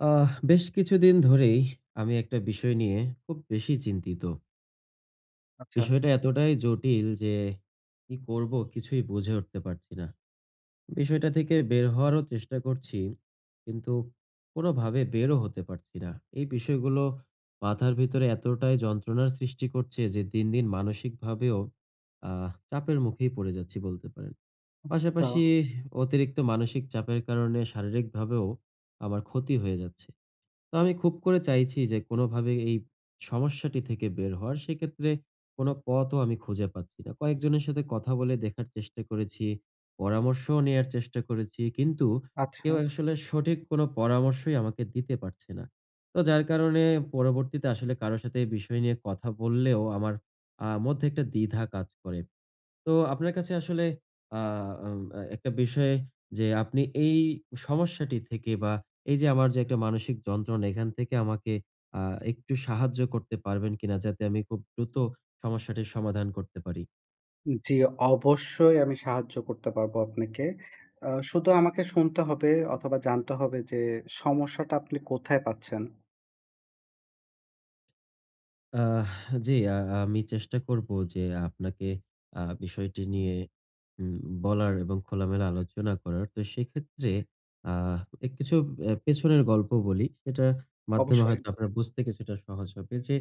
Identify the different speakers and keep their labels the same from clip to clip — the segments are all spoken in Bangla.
Speaker 1: আহ। বেশ কিছুদিন ধরেই আমি একটা বিষয় নিয়ে খুব বেশি চিন্তিত।
Speaker 2: আচ্ছা।
Speaker 1: বিষয়টা এতটাই জটিল যে, কি করব কিছুই বুঝে উঠতে পারছি না। বিষয়টা থেকে বের হওয়ারও চেষ্টা করছি কিন্তু কোনভাবে বেরও হতে পারছি না। এই বিষয়গুলো মাথার ভিতরে এতটাই যন্ত্রণার সৃষ্টি করছে যে, দিন, দিন মানসিকভাবেও আহ চাপের মুখেই পড়ে যাচ্ছি বলতে পারেন।
Speaker 2: আচ্ছা।
Speaker 1: পাশাপাশি অতিরিক্ত মানসিক চাপের কারণে শারীরিকভাবেও আমার ক্ষতি হয়ে যাচ্ছে। তো আমি খুব করে চাইছি যে কোন ভাবে এই সমস্যাটি থেকে বের হওয়ার সেক্ষেত্রে কোন পথও আমি খুঁজে পাচ্ছি না। কয়েকজনের সাথে কথা বলে দেখার চেষ্টা করেছি, পরামর্শও নেয়ার চেষ্টা করেছি। কিন্তু
Speaker 2: আচ্ছা।
Speaker 1: কেউ আসলে সঠিক কোন পরামর্শই আমাকে দিতে পারছে না। তো যার কারণে পরবর্তীতে আসলে কারো সাথে এই বিষয় নিয়ে কথা বললেও আমার আ মধ্যে একটা দ্বিধা কাজ করে। তো আপনার কাছে আসলে আ আম অ্যা একটা বিষয় যে আপনি এই সমস্যাটি থেকে বা এই যে আমার যে একটা মানসিক যন্ত্রণা এখান থেকে আমাকে আ একটু সাহায্য করতে পারবেন কিনা? যাতে আমি খুব দ্রুত সমস্যাটির সমাধান করতে পারি?
Speaker 2: উ জি, অবশ্যই আমি সাহায্য করতে পারবো আপনাকে। আ শুধু আমাকে শুনতে হবে অথবা জানতে হবে যে, সমস্যাটা আপনি কোথায় পাচ্ছেন?
Speaker 1: আহ জি, আ আমি চেষ্টা করব যে, আপনাকে আ বিষয়টি নিয়ে উ বলার এবং খোলামেলা আলোচনা করার। তো সেক্ষেত্রে আ এ কিছু এ্যা পেছনের গল্প বলি। এটার মাধ্যমে
Speaker 2: অবশ্যই।
Speaker 1: হয়তো আপনারা বুঝতে কিছুটা সহজ হবে। যে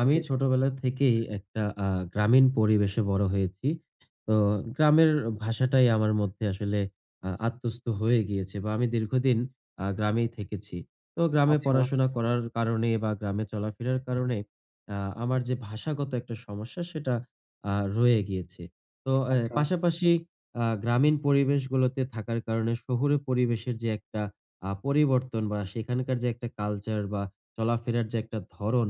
Speaker 1: আমি
Speaker 2: জি, জি।
Speaker 1: ছোটবেলা থেকেই একটা আ গ্রামীণ পরিবেশে বড় হয়েছি। তো গ্রামের ভাষাটাই আমার মধ্যে আসলে আ আত্মস্ত হয়ে গিয়েছে। বা আমি দীর্ঘদিন আ গ্রামেই থেকেছি। তো গ্রামে
Speaker 2: আচ্ছা।
Speaker 1: পড়াশোনা করার কারণে বা গ্রামে চলাফেরা কারণে আ আমার যে ভাষাগত একটা সমস্যা, সেটা আ রয়ে গিয়েছে। তো এ্যা
Speaker 2: আচ্ছা।
Speaker 1: পাশাপাশি আ গ্রামীণ পরিবেশগুলোতে থাকার কারণে শহুরে পরিবেশের যে একটা আ পরিবর্তন বা সেখানকার যে একটা কালচার বা চলাফেরার যে একটা ধরন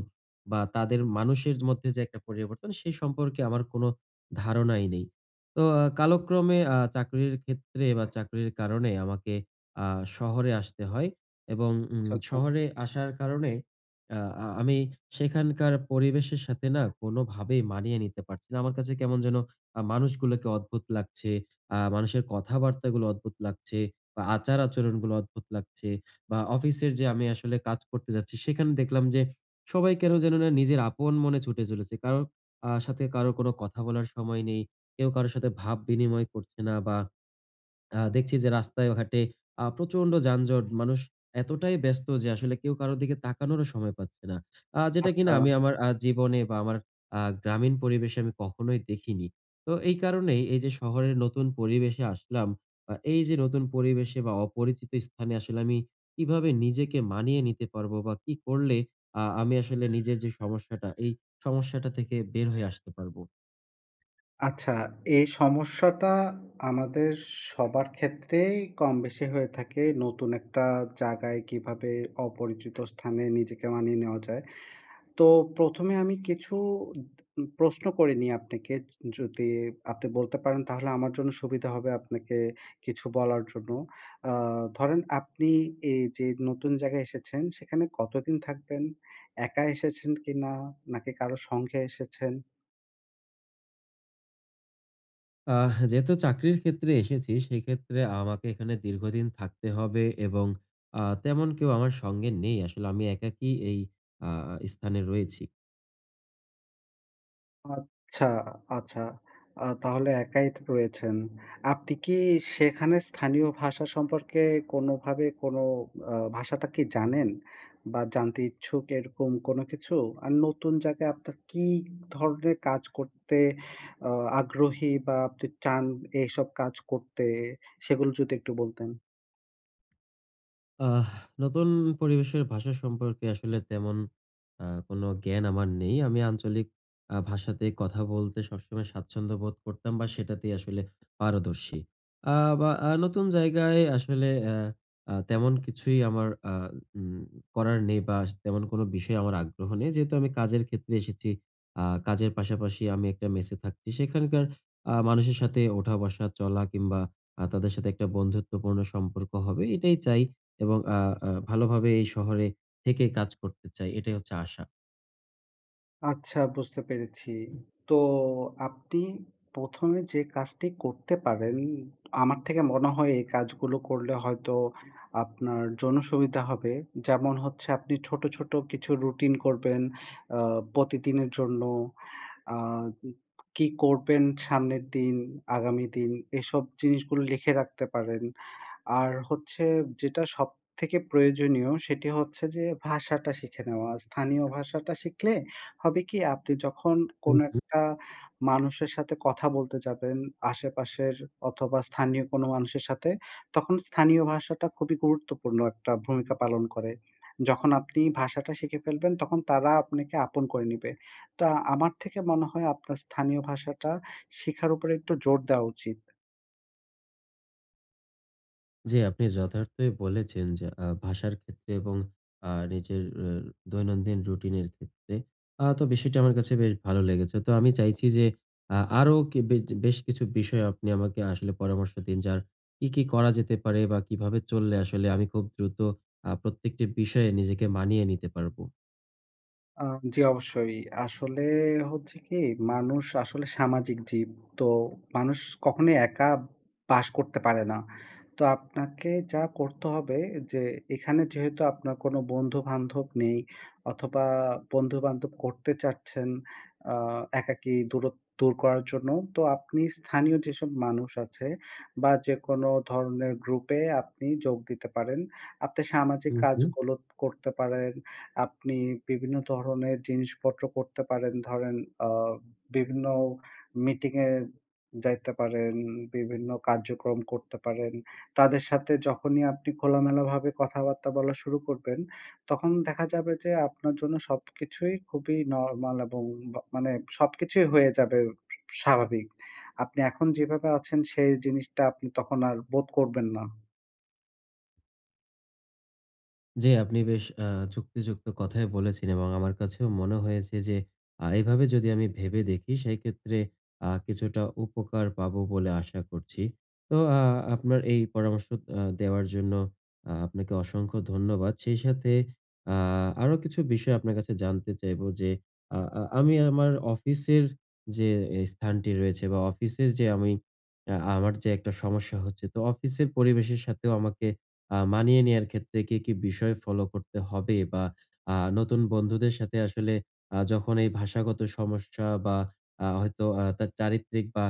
Speaker 1: বা তাদের মানুষের মধ্যে যে একটা পরিবর্তন, সেই সম্পর্কে আমার কোনো ধারণাই নেই। তো আ কালক্রমে আ চাকরির ক্ষেত্রে বা চাকরির কারণে আমাকে আ শহরে আসতে হয় এবং উম
Speaker 2: আচ্ছা, আচ্ছা।
Speaker 1: শহরে আসার কারণে আ আ আমি সেখানকার পরিবেশের সাথে না? কোনভাবেই মানিয়ে নিতে পারছি না। আমার কাছে কেমন যেন আ মানুষগুলোকে অদ্ভুত লাগছে। আ মানুষের কথাবার্তাগুলো অদ্ভুত লাগছে বা আচার-আচরণগুলো অদ্ভুত লাগছে বা অফিসের যে আমি আসলে কাজ করতে যাচ্ছি সেখানে দেখলাম যে, সবাই কেনো যেন না, নিজের আপন মনে ছুটে চলেছে। কারো আ সাথে কারো কোনো কথা বলার সময় নেই। কেউ কারো সাথে ভাব বিনিময় করছে না বা আ দেখছি যে রাস্তায় ঘাটে আ প্রচণ্ড যানজট মানুষ এতটাই ব্যস্ত যে আসলে কেউ কারো দিকে তাকানোরও সময় পাচ্ছে না। আ যেটা কিনা
Speaker 2: আচ্ছা।
Speaker 1: আমি আমার আ জীবনে বা আমার আ গ্রামীণ পরিবেশে আমি কখনোই দেখিনি। তো এই কারণেই এই যে শহরের নতুন পরিবেশে আসলাম বা এই যে নতুন পরিবেশে বা অপরিচিত স্থানে আসলে আমি কিভাবে নিজেকে মানিয়ে নিতে পারবো বা কি করলে আ আমি আসলে নিজের যে সমস্যাটা এই সমস্যাটা থেকে বের হয়ে আসতে পারবো?
Speaker 2: আচ্ছা এই সমস্যাটা আমাদের সবার ক্ষেত্রেই কমবেশি হয়ে থাকে, নতুন একটা জায়গায় কিভাবে অপরিচিত স্থানে নিজেকে মানিয়ে নেওয়া যায়? তো প্রথমে এ আমি কিছু উদ উম প্রশ্ন করে নিই আপনাকে য যদি আপনি বলতে পারেন, তাহলে আমার জন্য সুবিধা হবে আপনাকে কিছু বলার জন্য। আ ধরেন আপনি এই যে নতুন জায়গায় এসেছেন, সেখানে কতদিন থাকবেন? একা এসেছেন কিনা? নাকি কারো সঙ্গে এসেছেন?
Speaker 1: আহ যেহেতু চাকরির ক্ষেত্রে এসেছি, সেইক্ষেত্রে আমাকে এখানে দীর্ঘদিন থাকতে হবে এবং আ তেমন কেউ আমার সঙ্গে নেই। আসলে আমি একাকী এই আ স্থানে রয়েছি।
Speaker 2: আচ্ছা, আচ্ছা আ তাহলে একাই থ রয়েছেন। আপনি কি সেখানে স্থানীয় ভাষা সম্পর্কে কোনোভাবে কোনো আ ভাষাটা কি জানেন বা জানতে ইচ্ছুক, এরকম কোনো কিছু? আর নতুন জায়গায় আপনার কি ধরনের কাজ করতে আ আগ্রহী বা আপনি চান এইসব কাজ করতে? সেগুলো যদি একটু বলতেন?
Speaker 1: আহ নতুন পরিবেশের ভাষা সম্পর্কে আসলে তেমন আ কোনো জ্ঞান আমার নেই। আমি আঞ্চলিক আ ভাষাতেই কথা বলতে সবসময় স্বাচ্ছন্দ্য বোধ করতাম বা সেটাতেই আসলে পারদর্শী। আ বা আ নতুন জায়গায় আসলে অ্যা আ তেমন কিছুই আমার আ উম করার নেই বা স তেমন কোনো বিষয়ে আমার আগ্রহ নেই। যেহেতু আমি কাজের ক্ষেত্রে এসেছি, আ কাজের পাশাপাশি আমি একটা মেসে থাকছি। সেখানকার আ মানুষের সাথে ওঠা-বসা, চলা কিংবা আ তাদের সাথে একটা বন্ধুত্বপূর্ণ সম্পর্ক হবে এটাই চাই। এবং আ আ ভালোভাবে এই শহরে থেকে কাজ করতে চাই। এটাই হচ্ছে আশা।
Speaker 2: আচ্ছা বুঝতে পেরেছি। তো আপনি ১ম এ যে কাজটি করতে পারেন, আমার থেকে মনে হয় এই কাজগুলো করলে হয়তো আপনার জন্য সুবিধা হবে। যেমন হচ্ছে আপনি ছোট, ছোট কিছু রুটিন করবেন অ্যা প্রতিদিনের জন্য। আ কি করবেন সামনের দিন, আগামী দিন এসব জিনিসগুলো লিখে রাখতে পারেন। আর হচ্ছে যেটা সবথেকে প্রয়োজনীয়, সেটি হচ্ছে যে ভাষাটা শিখে নেওয়া। স্থানীয় ভাষাটা শিখলে হবে কি? আপনি যখন
Speaker 1: হু,
Speaker 2: কোনো
Speaker 1: হু।
Speaker 2: একটা মানুষের সাথে কথা বলতে যাবেন, আশেপাশের অথবা স্থানীয় কোনো মানুষের সাথে, তখন স্থানীয় ভাষাটা খুবই গুরুত্বপূর্ণ একটা ভূমিকা পালন করে। যখন আপনি ভাষাটা শিখে ফেলবেন, তখন তারা আপনাকে আপন করে নিবে। তো আমার থেকে মনে হয় আপনার স্থানীয় ভাষাটা শিখার উপরে একটু জোর দেওয়া উচিত।
Speaker 1: জি আপনি যথার্থই বলেছেন যে আ ভাষার ক্ষেত্রে এবং আ নিজের এর দৈনন্দিন রুটিন এর ক্ষেত্রে। আ তো বিষয়টা আমার কাছে বেশ ভালো লেগেছে। তো আমি চাইছি যে আ আরও কি বেজ বেশ কিছু বিষয়ে আপনি আমাকে আসলে পরামর্শ দিন যার কি, কি করা যেতে পারে বা কিভাবে চললে আসলে আমি খুব দ্রুত আ প্রত্যেকটি বিষয়ে নিজেকে মানিয়ে নিতে পারব।
Speaker 2: আ জি অবশ্যই আসলে হচ্ছে কি মানুষ আসলে সামাজিক জীব তো মানুষ কখনোই একা বাস করতে পারে না। তো আপনাকে যা করতে হবে যে এখানে যেহেতু আপনার কোনো বন্ধু-বান্ধব নেই অথবা বন্ধুবান্ধব করতে চাচ্ছেন আ একাকী দূরত্ব দূর করার জন্য। তো আপনি স্থানীয় যেসব মানুষ আছে বা যেকোন ধরনের গ্রুপে আপনি যোগ দিতে পারেন। আপনি সামাজিক
Speaker 1: হু, হুম।
Speaker 2: কাজগুলো করতে পারেন। আপনি বিভিন্ন ধরনের জিনিসপত্র করতে পারেন। ধরেন আ বিভিন্ন মিটিং এ যাইতে পারেন বিভিন্ন কার্যক্রম করতে পারেন। তাদের সাথে যখনই আপনি খোলামেলা ভাবে কথাবার্তা বলা শুরু করবেন, তখন দেখা যাবে যে আপনার জন্য সবকিছুই খুবই নরমাল এবং বা মানে সবকিছুই হয়ে যাবে স্বাভাবিক। আপনি এখন যেভাবে আছেন সেই জিনিসটা আপনি তখন আর বোধ করবেন না।
Speaker 1: জ্বি। আপনি বেশ অ্যা যুক্তিযুক্ত কথাই বলেছে এবং আমার কাছেও মনে হয়েছে যে আ এভাবে যদি আমি ভেবে দেখি সেইক্ষেত্রে আ কিছুটা উপকার পাবো বলে আশা করছি। তো আ আপনার এই পরামর্শ অ্যা দেওয়ার জন্য আ আপনাকে অসংখ্য ধন্যবাদ। সেই সাথে আ আরও কিছু বিষয় আপনার কাছে জানতে চাইবো। যে আ আ আমি আমার অফিসের যে স্থানটি রয়েছে বা অফিসে যে আমি অ্যা আমার যে একটা সমস্যা হচ্ছে। তো অফিসের পরিবেশের সাথেও আমাকে আ মানিয়ে নেওয়ার ক্ষেত্রে কি, কি বিষয় ফলো করতে হবে বা আ নতুন বন্ধুদের সাথে আসলে আ যখন এই ভাষাগত সমস্যা বা আ হয়তো আ তার চারিত্রিক বা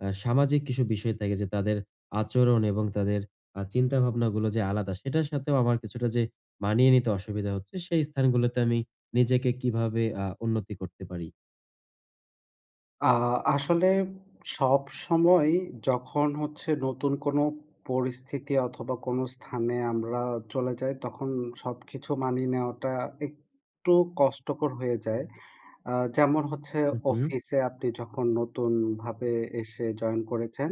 Speaker 1: অ্যা সামাজিক কিছু বিষয় থাকে। যে তাদের আচরণ এবং তাদের আ চিন্তাভাবনাগুলো যে আলাদা, সেটার সাথেও আমার কিছুটা যে মানিয়ে নিতে অসুবিধা হচ্ছে। সেই স্থানগুলোতে আমি নিজেকে কিভাবে আ উন্নতি করতে পারি?
Speaker 2: আ আসলে সবসময় যখন হচ্ছে নতুন কোনো পরিস্থিতি অথবা কোনো স্থানে আমরা চলে যাই, তখন সবকিছু মানিয়ে নেওয়াটা একটু কষ্টকর হয়ে যায়। আ যেমন হচ্ছে
Speaker 1: হু, হু।
Speaker 2: অফিসে আপনি যখন নতুনভাবে এসে জয়েন করেছেন,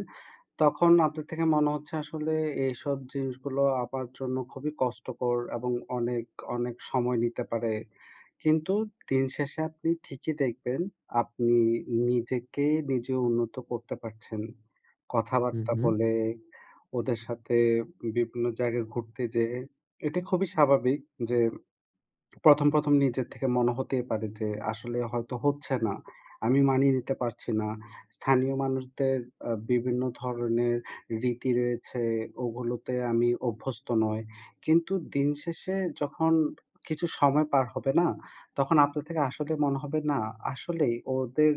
Speaker 2: তখন আপনার থেকে মনে হচ্ছে আসলে এইসব জিনিসগুলো আমার জন্য খুবই কষ্টকর, এবং অনেক, অনেক সময় নিতে পারে। কিন্তু দিন শেষে আপনি ঠিকই দেখবেন আপনি নিজেকে নিজে উন্নত করতে পারছেন।
Speaker 1: হু,
Speaker 2: কথাবার্তা
Speaker 1: হু।
Speaker 2: বলে, ওদের সাথে বিভিন্ন জায়গায় ঘুরতে যেয়ে। এটা খুবই স্বাভাবিক যে ১ম, ১ম নিজের থেকে মনে হতেই পারে যে "আসলে হয়তো হচ্ছে না আমি মানিয়ে নিতে পারছি না। স্থানীয় মানুষদের আ বিভিন্ন ধরনের রীতি রয়েছে, ওগুলোতে আমি অভ্যস্ত নই।" কিন্তু দিন শেষে যখন কিছু সময় পার হবে না? তখন আপনার থেকে আসলে মনে হবে "না আসলেই ওদের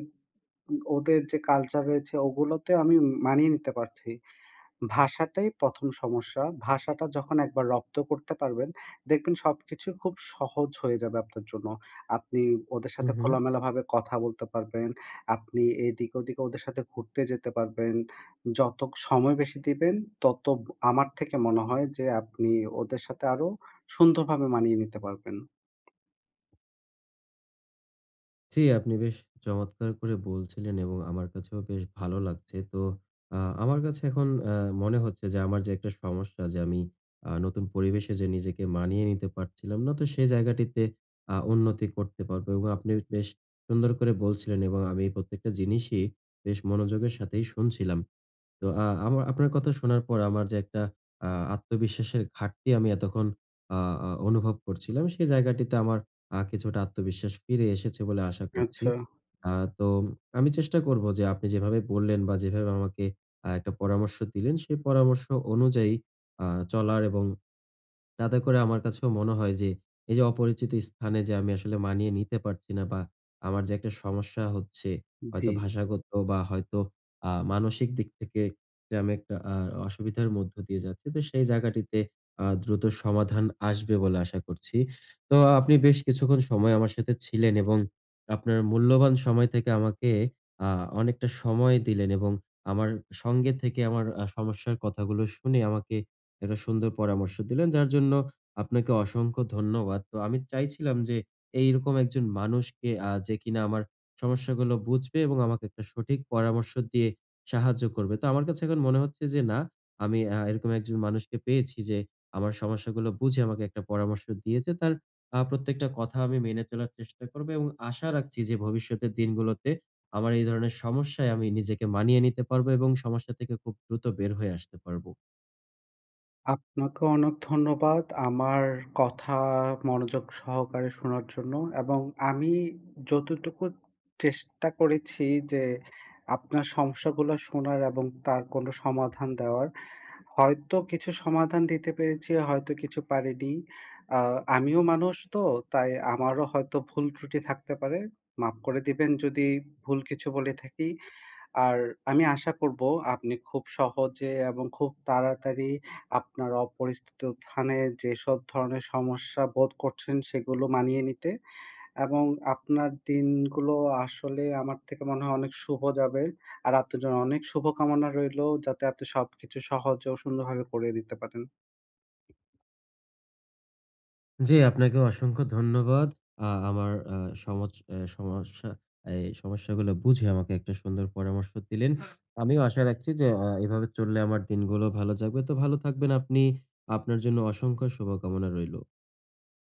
Speaker 2: উম ওদের যে কালচার রয়েছে ওগুলোতে আমি মানিয়ে নিতে পারছি।" ভাষাটাই ১ম সমস্যা। ভাষাটা যখন একবার রপ্ত করতে পারবেন, দেখবেন সবকিছু খুব সহজ হয়ে যাবে আপনার জন্য। আপনি ওদের
Speaker 1: হু,
Speaker 2: সাথে
Speaker 1: হু।
Speaker 2: খোলামেলাভাবে কথা বলতে পারবেন। আপনি এইদিকে ওদিকে ওদের সাথে ঘুরতে যেতে পারবেন। যত সময় বেশি দিবেন, তত আমার থেকে মনে হয় যে আপনি ওদের সাথে আরো সুন্দরভাবে মানিয়ে নিতে পারবেন।
Speaker 1: জ্বি, আপনি বেশ চমৎকার করে বলছিলেন এবং আমার কাছেও বেশ ভালো লাগছে। তো আ আমার কাছে এখন অ্যা মনে হচ্ছে যে, আমার যে একটা সমস্যা যে আমি আ নতুন পরিবেশে যে নিজেকে মানিয়ে নিতে পারছিলাম না, তো সেই জায়গাটিতে আ উন্নতি করতে পারবো এবং আপনি বেশ সুন্দর করে বলছিলেন এবং আমি এই প্রত্যেকটা জিনিসই বেশ মনোযোগের সাথেই শুনছিলাম। তো আ আমা আপনার কথা শোনার পর আমার যে একটা আ আত্মবিশ্বাসের ঘাটতি আমি এতক্ষণ আ আ অনুভব করছিলাম, সেই জায়গাটিতে আমার আ কিছুটা আত্মবিশ্বাস ফিরে এসেছে বলে আশা করছি।
Speaker 2: আচ্ছা।
Speaker 1: আ তো আমি চেষ্টা করব যে আপনি যেভাবে বললেন বা যেভাবে আমাকে আ একটা পরামর্শ দিলেন সেই পরামর্শ অনুযায়ী আ চলার এবং তাতে করে আমার কাছেও মনে হয় যে, এই যে অপরিচিত স্থানে যে আমি আসলে মানিয়ে নিতে পারছি না বা আমার যে একটা সমস্যা হচ্ছে, হয়তো
Speaker 2: জ্বি।
Speaker 1: ভাষাগত বা হয়তো আ মানসিক দিক থেকে যে আমি একটা আ অসুবিধার মধ্য দিয়ে যাচ্ছি, তো সেই জায়গাটিতে আ দ্রুত সমাধান আসবে বলে আশা করছি। তো আপনি বেশ কিছুক্ষণ সময় আমার সাথে ছিলেন এবং আপনার মূল্যবান সময় থেকে আমাকে আ অনেকটা সময় দিলেন, এবং আমার সঙ্গে থেকে আমার সমস্যার কথাগুলো শুনে আমাকে একটা সুন্দর পরামর্শ দিলেন, যার জন্য আপনাকে অসংখ্য ধন্যবাদ। তো আমি চাইছিলাম যে এইরকম একজন মানুষকে আ যে কিনা আমার সমস্যাগুলো বুঝবে এবং আমাকে একটা সঠিক পরামর্শ দিয়ে সাহায্য করবে। তো আমার কাছে এখন মনে হচ্ছে যে না আমি আ এরকম একজন মানুষকে যে, আমার সমস্যাগুলো বুঝে আমাকে একটা পরামর্শ দিয়েছে। তার আ প্রত্যেকটা কথা আমি মেনে চলার চেষ্টা করব এবং আশা রাখছি যে ভবিষ্যতের দিনগুলোতে আমার এই ধরনের সমস্যায় আমি নিজেকে মানিয়ে নিতে পারবো এবং সমস্যা থেকে খুব দ্রুত বের হয়ে আসতে পারবো।
Speaker 2: আপনাকেও অনেক ধন্যবাদ আমার কথা মনোযোগ সহকারে শোনার জন্য। এবং আমি যতটুকু চেষ্টা করেছি যে আপনার সমস্যাগুলো শোনার এবং তার কোনো সমাধান দেওয়ার। হয়তো কিছু সমাধান দিতে পেরেছি, হয়তো কিছু পারিনি। আ আমিও মানুষ তো, তাই আমারও হয়তো ভুল ত্রুটি থাকতে পারে। মাফ করে দিবেন যদি ভুল কিছু বলে থাকি। আর আমি আশা করব আপনি খুব সহজে এবং খুব তাড়াতাড়ি আপনার অপরিচিত স্থানে যেসব ধরনের সমস্যা বোধ করছেন, সেগুলো মানিয়ে নিতে। এবং আপনার দিনগুলো আসলে আমার থেকে মনে হয় অনেক শুভ যাবে। আর আপনার জন্য অনেক শুভকামনা রইলো যাতে আপনি সবকিছু সহজে ও সুন্দরভাবে করে নিতে পারেন।
Speaker 1: জ্বি, আপনাকে অসংখ্য ধন্যবাদ। আ আমার আ সমচ এ সমস্যা এই সমস্যাগুলো বুঝে আমাকে একটা সুন্দর পরামর্শ দিলেন। আমিও আশা রাখছি যে অ্যা এভাবে চললে আমার দিনগুলো ভালো যাবে। তো ভালো থাকবেন আপনি আপনার জন্য অসংখ্য শুভকামনা রইলো।